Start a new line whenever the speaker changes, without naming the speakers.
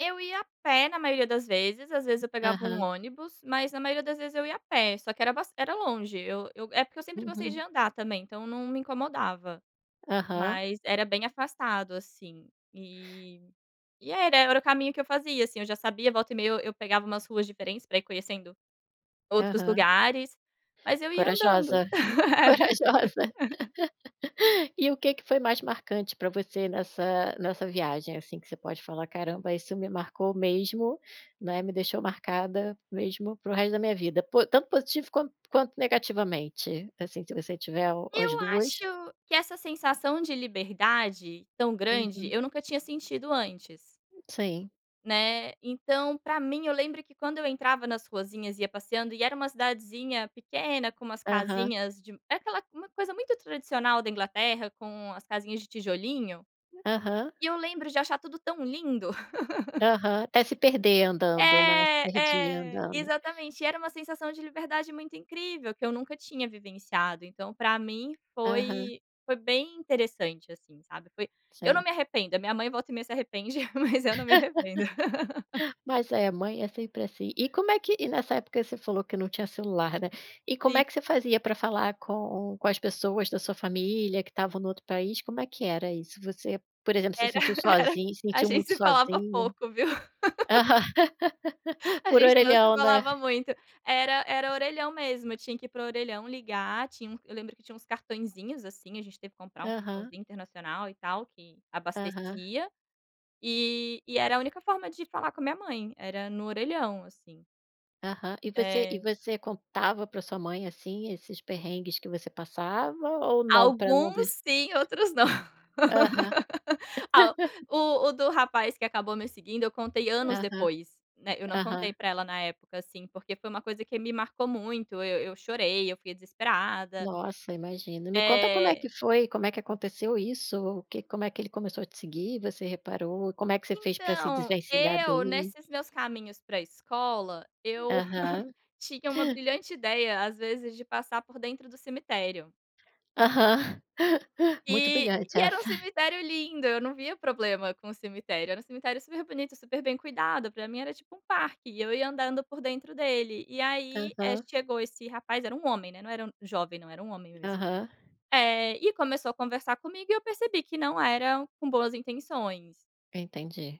Eu ia a pé na maioria das vezes, às vezes eu pegava um
Aham.
ônibus, mas na maioria das vezes, eu ia a pé, só que bas era longe, eu eu é porque, eu sempre gostei de
Uhum.
andar também, então, não me incomodava,
Aham.
mas era bem afastado, assim, e e era era o caminho que eu fazia, assim, eu já sabia. Volta e meia eu eu pegava umas ruas diferentes, para ir conhecendo, outros
Aham.
lugares, mas eu ia andando.
Corajosa, corajosa! E o que que foi mais marcante pra você nessa nessa viagem, assim, que você pode falar: "Caramba, isso me marcou mesmo, né, me deixou marcada mesmo, para o resto da minha vida, po tanto positivo quanto quanto negativamente? Assim, se você tiver o as
Eu acho
2.
que essa sensação de liberdade tão grande,
Uhum.
eu nunca tinha sentido antes.
Sim.
Né, então para mim, eu lembro que quando eu entrava nas ruazinhas, ia passeando e era uma cidadezinha pequena, com umas
Aham.
casinhas de é aquela, uma coisa muito tradicional da Inglaterra, com as casinhas de tijolinho,
Aham.
e eu lembro de achar tudo tão lindo.
Aham, ate se perder andando, né, se
É,
perdia
é,
andando.
exatamente, e era uma sensação de liberdade muito incrível, que eu nunca tinha vivenciado, então, para mim
Aham.
foi foi bem interessante, assim, sabe, foi eu não
Sim.
me arrependo, a minha mãe volta e meia se arrepende, mas eu não me arrependo.
Mas é, mãe é sempre, assim. E como é que e nessa época você falou que não tinha celular, né, e como é
Sim.
que você fazia, para falar com com as pessoas da sua família, que estavam no outro país, como é que era isso? Você, por exemplo, se
Era
sentiu
era,
sozinha, se
a
sentiu
gente
muito
se falava
sozinha
pouco, viu. A
por
gente não se
orelhão né.
falava muito, era era orelhão mesmo, eu tinha que ir para o orelhão ligar, tinha um eu lembro que tinha uns cartaõezinhos, assim, a gente teve que comprar um
Aham.
cartãozinho internacional, e tal, que
Aham.
abastecia, e e era a única forma de falar com a minha mãe, era no orelhão, assim.
Aham, e você e
É.
você contava para sua mãe, assim, esses perrengues que você passava ou não para não
Alguns
des
sim, outros não,
Aham.
ah, o o do rapaz que acabou me seguindo, eu contei anos
Aham,
depois, né, eu não contei
aham.
para ela na época, assim, porque foi uma coisa que me marcou muito, eu eu chorei, eu fui desesperada.
Nossa, imagina, me conta como é
Eh.
que foi, como é que aconteceu isso, o que como é que ele começou a te seguir, você reparou, como é que você fez para se
Então,
desvencilhar
eu
dele?
nesses meus caminhos para escola, eu
Aham.
tinha uma brilhante ideia, às vezes, de passar por dentro do cemitério.
Aham, muito
E
brilhante
e era um
essa.
cemitério lindo, eu não via problema com o cemitério, era um cemitério super bonito, super bem cuidado, para mim era tipo um parque, e eu ia andando por dentro dele, e aí, eh,
Aham.
chegou esse rapaz, era um homem, né, não era jovem, não, era um homem mesmo,
Aham.
eh, e começou a conversar comigo e eu percebi que não era com boas intenções.
Entendi.